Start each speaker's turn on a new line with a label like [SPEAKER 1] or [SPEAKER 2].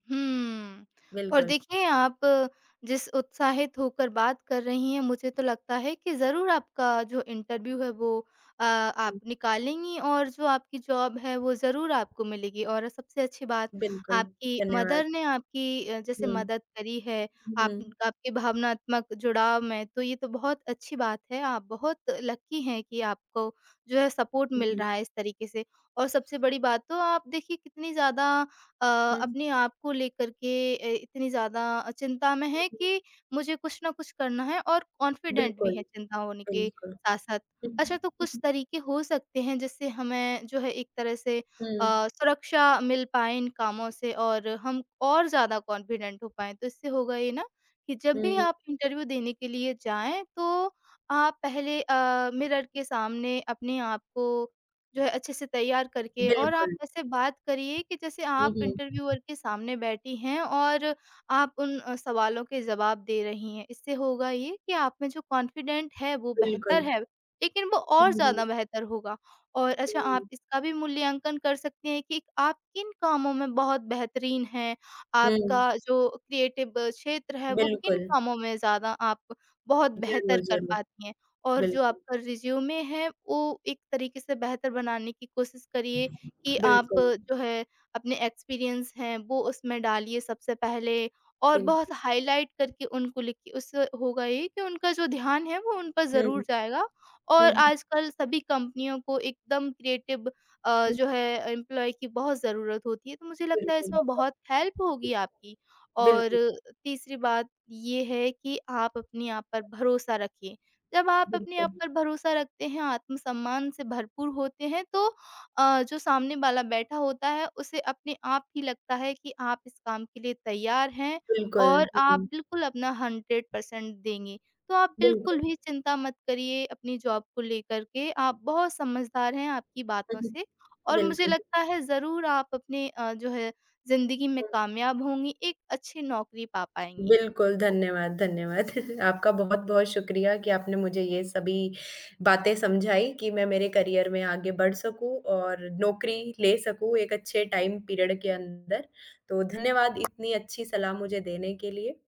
[SPEAKER 1] हम्म, और
[SPEAKER 2] बिल्कुल।
[SPEAKER 1] देखें आप जिस उत्साहित होकर बात कर रही हैं, मुझे तो लगता है कि ज़रूर आपका जो इंटरव्यू है वो अ, आप
[SPEAKER 2] हुँ।
[SPEAKER 1] निकालेंगी और जो आपकी जॉब है, वो ज़रूर आपको मिलेगी। और सबसे अच्छी बात
[SPEAKER 2] बिल्कुल,
[SPEAKER 1] आपकी
[SPEAKER 2] धन्यवाद।
[SPEAKER 1] मदर ने आपकी अ, जैसे
[SPEAKER 2] हुँ।
[SPEAKER 1] मदद करी है
[SPEAKER 2] हुँ,
[SPEAKER 1] आपन
[SPEAKER 2] हुँ।
[SPEAKER 1] आपकी भावनात्मक जुड़ाव में तो ये तो बहुत अच्छी बात है। आप बहुत लकी हैं कि आपको जो है सपोर्ट
[SPEAKER 2] हुँ,
[SPEAKER 1] मिल
[SPEAKER 2] हुँ।
[SPEAKER 1] रहा है इस तरीके से और सबसे बड़ी बात तो आप देखिए, कितनी ज़्यादा अ,
[SPEAKER 2] हुँ, हुँ।
[SPEAKER 1] अपने आप को लेकर के अ, इतनी ज़्यादा अ, चिंता में
[SPEAKER 2] हुँ,
[SPEAKER 1] हैं
[SPEAKER 2] हुँ।
[SPEAKER 1] कि मुझे कुछ ना कुछ करना है और कॉन्फिडेंट भी
[SPEAKER 2] बिल्कुल,
[SPEAKER 1] हैं चिंता होने के
[SPEAKER 2] बिल्कुल।
[SPEAKER 1] साथ-साथ। अच्छा, तो कुछ
[SPEAKER 2] [unintelligible]
[SPEAKER 1] तरीके हो सकते हैं जिससे हमें जो है एक तरह से अ,
[SPEAKER 2] हुँ।
[SPEAKER 1] सुरक्षा मिल पाए इन कामों से और हम और ज़्यादा कॉन्फिडेंट हो पाएँ। तो इससे होगा ये ना, कि जब भी
[SPEAKER 2] हुँ।
[SPEAKER 1] आप इंटरव्यू देने के लिए जाएँ तो आप पहले अ, मिरर के सामने अपने आप को जो है, अच्छे से तैयार करके और आप
[SPEAKER 2] बिल्कुल।
[SPEAKER 1] ऐसे बात करिए कि जैसे
[SPEAKER 2] हुँ,
[SPEAKER 1] आप
[SPEAKER 2] हुँ।
[SPEAKER 1] इंटरव्यूअर के सामने बैठी हैं और आप उन अ, सवालों के जवाब दे रही हैं। इससे होगा ये कि आप में जो कॉन्फिडेंट है वो बेहतर
[SPEAKER 2] बिल्कुल।
[SPEAKER 1] है, लेकिन वो
[SPEAKER 2] हाँ
[SPEAKER 1] और
[SPEAKER 2] जी।
[SPEAKER 1] ज़्यादा बेहतर होगा और अच्छा, आप
[SPEAKER 2] हुँ।
[SPEAKER 1] इसका भी मूल्यांकन कर सकती हैं कि आप किन कामों में बहुत बेहतरीन हैं। आपका
[SPEAKER 2] हुँ।
[SPEAKER 1] जो क्रिएटिव क्षेत्र है, वो किन
[SPEAKER 2] बिल्कुल।
[SPEAKER 1] कामों में ज़्यादा आप बहुत
[SPEAKER 2] ज़रूर,
[SPEAKER 1] बेहतर कर
[SPEAKER 2] ज़रूर।
[SPEAKER 1] पाती हैं और जो
[SPEAKER 2] बिल्कुल।
[SPEAKER 1] आपका रिज़्यूमे है, वो एक तरीके से बेहतर बनाने की कोशिश करिए कि आप
[SPEAKER 2] बिल्कुल।
[SPEAKER 1] जो है अपने एक्सपीरियंस हैं, वो उसमें डालिए सबसे पहले और बहुत
[SPEAKER 2] बिल्कुल।
[SPEAKER 1] हाइलाइट करके उनको लिखिए। उससे होगा ये कि उनका जो ध्यान है, वो उन पर
[SPEAKER 2] हुँ।
[SPEAKER 1] ज़रूर जाएगा
[SPEAKER 2] हुँ,
[SPEAKER 1] और
[SPEAKER 2] हुँ।
[SPEAKER 1] आजकल सभी कंपनियों को एकदम क्रिएटिव अ,
[SPEAKER 2] हुँ।
[SPEAKER 1] जो है एम्प्लॉयी की बहुत ज़रूरत होती है तो मुझे लगता है
[SPEAKER 2] बिल्कुल,
[SPEAKER 1] इसमें बहुत हेल्प होगी आपकी
[SPEAKER 2] [unintelligible]
[SPEAKER 1] और
[SPEAKER 2] बिल्कुल।
[SPEAKER 1] अ, तीसरी बात ये है कि आप अपने आप पर भरोसा रखिए। जब आप अपने आप
[SPEAKER 2] बिल्कुल।
[SPEAKER 1] पर भरोसा रखते हैं, आत्मसम्मान से भरपूर होते हैं तो अ, जो सामने वाला बैठा होता है, उसे अपने आप ही लगता है कि आप इस काम के लिए तैयार हैं
[SPEAKER 2] बिल्कुल,
[SPEAKER 1] और
[SPEAKER 2] जी,
[SPEAKER 1] आप
[SPEAKER 2] जी।
[SPEAKER 1] बिल्कुल अपना 100 पर्सेंट देंगे। तो आप बिल्कुल
[SPEAKER 2] बिल्कुल।
[SPEAKER 1] भी चिंता मत करिए अपनी जॉब को लेकर के। आप बहुत समझदार हैं आपकी
[SPEAKER 2] हाँ
[SPEAKER 1] बातों
[SPEAKER 2] जी।
[SPEAKER 1] से और मुझे
[SPEAKER 2] बिल्कुल।
[SPEAKER 1] लगता है ज़रूर आप अपने अ, जो है ज़िंदगी में
[SPEAKER 2] हुँ।
[SPEAKER 1] कामयाब होंगी, एक अच्छी नौकरी पा पाएँगी।
[SPEAKER 2] बिल्कुल,
[SPEAKER 1] हो
[SPEAKER 2] धन्यवाद, धन्यवाद। आपका बहुत-बहुत शुक्रिया कि आपने मुझे ये सभी बातें समझाई कि मैं मेरे करियर में आगे बढ़ सकूँ और नौकरी ले सकूँ एक अच्छे टाइम पीरियड के अंदर, तो धन्यवाद इतनी अच्छी सलाह मुझे देने के लिए।